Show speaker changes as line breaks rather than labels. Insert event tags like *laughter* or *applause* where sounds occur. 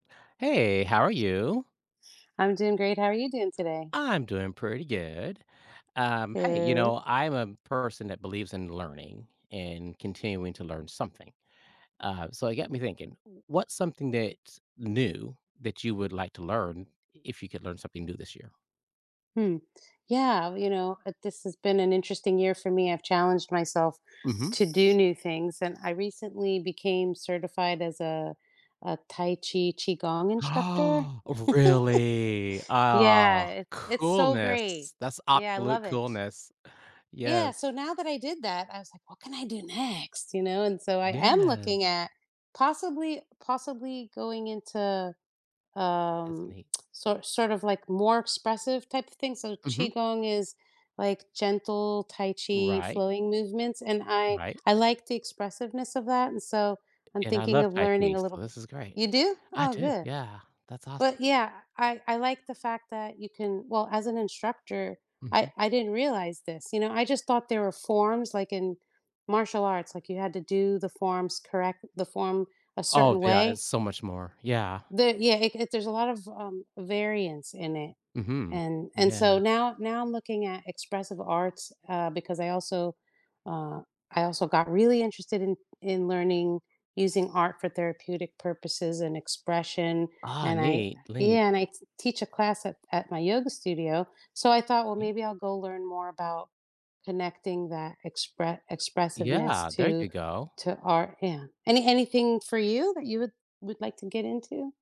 Hey, how are you?
I'm doing great. How are you doing today?
I'm doing pretty good. Um, hey, you
Good.
know, I'm a person that believes in learning and continuing to learn something. Uh, so it got me thinking, what's something that's new that you would like to learn, if you could learn something new this year?
Hmm, yeah, well, you know, uh, this has been an interesting year for me. I've challenged myself
Mhm.
to do new things and I recently became certified as a a Tai Chi Qigong instructor.
Ah, oh, really?
*chuckles*
Ah,
Yeah, i it's so great.
coolness. That's
Yeah, I
absolute
love it.
coolness,
Yeah.
yes.
So, now that I did that, I was like, "What can I do next?" You know, and so I am looking
Yes.
at possibly possibly going into,
That's
um,
neat.
sor sort of, like, more expressive type of thing. So
Mhm.
qigong is, like, gentle tai chi
Right.
flowing movements, and I
Right.
I like the expressiveness of that, and so I'm
And I
thinking
love
of
Tai
learning
Chi,
a little
so
bit.
this is great.
You do?
I
Oh,
do,
good.
yeah, that's awesome.
But, yeah, I I like the fact that you can well, as an instructor, I
Mhm.
I didn't realize this, you know, I just thought there were forms, like, in martial arts, like, you had to do the forms correct the form a
Oh,
certain
yeah, it's
way.
so much more, yeah.
There yeah, it it there's a lot of, um, variance in it,
Mhm,
and and so
yeah.
now now I'm looking at expressive arts, uh, because I also, uh, I also got really interested in in learning using art for therapeutic purposes and expression,
Ah,
and I
neat neat.
yeah, and I t teach a class at at my yoga studio, so I
You
thought, "Well,
think.
maybe I'll go learn more about connecting that expre expressiveness
Yeah, there
to
you go.
to art, yeah. Any anything for you that you would would like to get into?